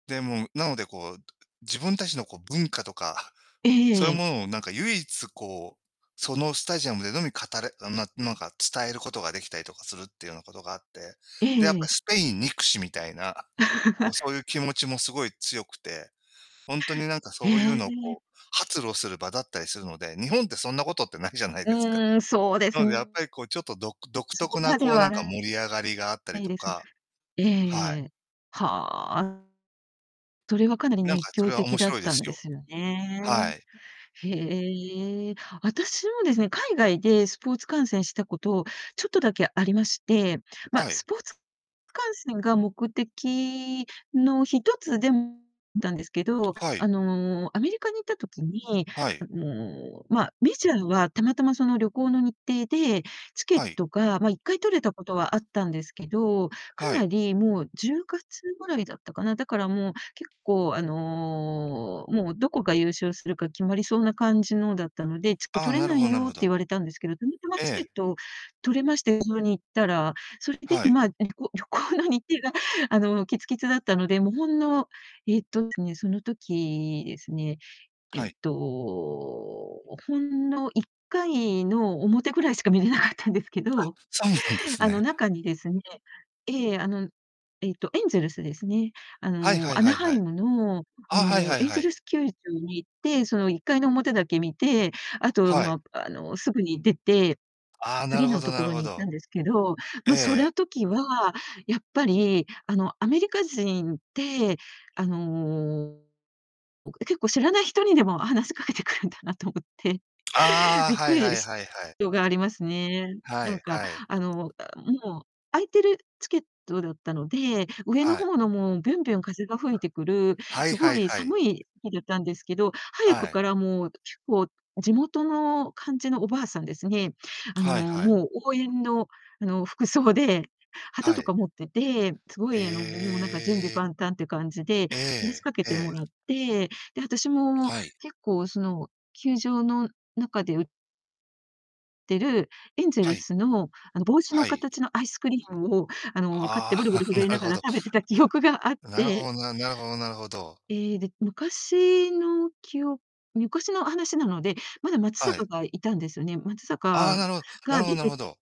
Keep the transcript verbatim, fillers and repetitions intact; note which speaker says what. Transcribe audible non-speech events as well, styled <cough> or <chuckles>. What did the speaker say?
Speaker 1: で、もう、なのでこう、自分たちのこう文化とか
Speaker 2: えええ
Speaker 1: そうい
Speaker 2: ええ
Speaker 1: う
Speaker 2: え。
Speaker 1: ものをなんか唯一こう、そのスタジアムでのみ語れあの、ななんか伝えることができたりとかするっていうようなことがあって、
Speaker 2: えええ
Speaker 1: で、やっ
Speaker 2: ええ
Speaker 1: ぱ
Speaker 2: え。
Speaker 1: スペイン憎しみたいな、こう、そうい
Speaker 2: <laughs>
Speaker 1: う気持ちもすごい強くて、ほんとになんか
Speaker 2: へ
Speaker 1: そういう
Speaker 2: え。
Speaker 1: のをこ
Speaker 2: <unintelligible>
Speaker 1: う発露する場だったりするので、日本ってそんなことってないじゃない
Speaker 2: う
Speaker 1: ですか。
Speaker 2: ーん、そうで
Speaker 1: な
Speaker 2: す
Speaker 1: のでやっぱりこうちょっとどく独
Speaker 2: そ
Speaker 1: 特
Speaker 2: こ
Speaker 1: な
Speaker 2: まで
Speaker 1: こうな
Speaker 2: は
Speaker 1: んか盛り上
Speaker 2: な
Speaker 1: がりがあったり
Speaker 2: い
Speaker 1: と
Speaker 2: です。
Speaker 1: か
Speaker 2: え
Speaker 1: はい。
Speaker 2: え。はあ。それはかなり
Speaker 1: なん
Speaker 2: 熱
Speaker 1: かそ
Speaker 2: 狂
Speaker 1: れは
Speaker 2: 的
Speaker 1: 面
Speaker 2: だっ
Speaker 1: 白いで
Speaker 2: た
Speaker 1: す
Speaker 2: んで
Speaker 1: よ。
Speaker 2: すよ
Speaker 1: は
Speaker 2: ね。
Speaker 1: い。
Speaker 2: へえ。あたしもですね、海外でスポーツ観戦したことを、ちょっとだけありまして、ま、
Speaker 1: はい。
Speaker 2: スポーツ観戦が目的のひとつでん、たんですけど、
Speaker 1: はい。
Speaker 2: あの、アメリカに行った時に、
Speaker 1: はい。
Speaker 2: あの、まあ、メジャーはたまたまその旅行の日程で、チケッ
Speaker 1: はい。
Speaker 2: トが、ま、いっかい取れたことはあったんですけど、か
Speaker 1: は
Speaker 2: な
Speaker 1: い。
Speaker 2: りもうじゅうがつぐらいだったかな、だからもう結構あの、もうどこが優勝するか決まりそうな感じのだったので「ちょっと
Speaker 1: ああ、
Speaker 2: 取れ
Speaker 1: なる
Speaker 2: な
Speaker 1: ほ
Speaker 2: い
Speaker 1: どなる
Speaker 2: よ」っ
Speaker 1: ほ
Speaker 2: て
Speaker 1: ど。
Speaker 2: 言われたんですけど、たまたま
Speaker 1: え
Speaker 2: チケッ
Speaker 1: え。
Speaker 2: ト取れまして、<unintelligible> に行ったらそれで、
Speaker 1: は
Speaker 2: い
Speaker 1: い。
Speaker 2: まあ、旅行旅行の日程があの、きつきつだったので、もうほんの、えっとですね、その時ですね、え
Speaker 1: は
Speaker 2: っ
Speaker 1: い。
Speaker 2: と、ほんのいっかいの表ぐらいしか見れなかったんですけ
Speaker 1: あ、
Speaker 2: ど、
Speaker 1: <unintelligible> す
Speaker 2: あの、
Speaker 1: ね。
Speaker 2: 中にですねええ、あの、えっと、エンゼルスですね。あ
Speaker 1: はいは
Speaker 2: の、
Speaker 1: い
Speaker 2: アナ
Speaker 1: はい
Speaker 2: ハ
Speaker 1: は
Speaker 2: イ
Speaker 1: い。
Speaker 2: ムの、あ
Speaker 1: あ、はい
Speaker 2: の、
Speaker 1: はい
Speaker 2: エン
Speaker 1: は
Speaker 2: ゼ
Speaker 1: い。
Speaker 2: ルス球場に行って、そのいっかいの表だけ見て、あと、
Speaker 1: はい。
Speaker 2: まあ、あの、すぐに出て、
Speaker 1: ああ、なる
Speaker 2: 次
Speaker 1: ほ
Speaker 2: の
Speaker 1: ど
Speaker 2: と
Speaker 1: な
Speaker 2: こ
Speaker 1: る
Speaker 2: ろ
Speaker 1: ほ
Speaker 2: に行った
Speaker 1: ど。
Speaker 2: んですけど、
Speaker 1: え
Speaker 2: ま、そり
Speaker 1: え。
Speaker 2: ゃ時はやっぱりあの、アメリカ人ってあの、おく結構知らない人にでも話しかけてくるんだなと思って。
Speaker 1: ああ、
Speaker 2: びっ
Speaker 1: は
Speaker 2: く
Speaker 1: いは
Speaker 2: り
Speaker 1: い
Speaker 2: し
Speaker 1: はいはい。
Speaker 2: よがありますね。
Speaker 1: は
Speaker 2: なん
Speaker 1: い
Speaker 2: か
Speaker 1: はい。
Speaker 2: あの、あ、もう空いてるチケットだったので、上の
Speaker 1: はい。
Speaker 2: 方のもうびゅんびゅん風が吹いてくる
Speaker 1: はいは
Speaker 2: 凄
Speaker 1: い
Speaker 2: い
Speaker 1: はい。
Speaker 2: 寒い席だったんですけど、早
Speaker 1: は
Speaker 2: く
Speaker 1: い。
Speaker 2: からもう結構地元の感じのおばあさんですね、あの、
Speaker 1: はいはい。
Speaker 2: もう応援のあの、服装で、旗
Speaker 1: は
Speaker 2: と
Speaker 1: い。
Speaker 2: か持ってて、凄
Speaker 1: へ
Speaker 2: いあの、もうなんか準備
Speaker 1: え。
Speaker 2: 万端っていう感じで、
Speaker 1: え
Speaker 2: 話し
Speaker 1: え
Speaker 2: かけても
Speaker 1: ええ。
Speaker 2: らって、で、私も
Speaker 1: はい。
Speaker 2: 結構その球場の中で売ってるエンジェ
Speaker 1: は
Speaker 2: ル
Speaker 1: い。
Speaker 2: スの、あの、帽子の
Speaker 1: はい。
Speaker 2: 形のアイスクリームを、あの、買って
Speaker 1: ああ、
Speaker 2: ブルブル
Speaker 1: <chuckles> な
Speaker 2: 震えな
Speaker 1: る
Speaker 2: が
Speaker 1: ほ
Speaker 2: ら
Speaker 1: ど。
Speaker 2: 食べてた記憶があっ
Speaker 1: なるほ
Speaker 2: て
Speaker 1: どな、なるほどなるほど。
Speaker 2: ええ、で、昔のきお昔の話なので、まだ松
Speaker 1: はい。
Speaker 2: 坂がいたんですよね。松
Speaker 1: あ
Speaker 2: 坂
Speaker 1: あ、なるほな
Speaker 2: が
Speaker 1: るほど
Speaker 2: 出
Speaker 1: なる
Speaker 2: て
Speaker 1: ほど。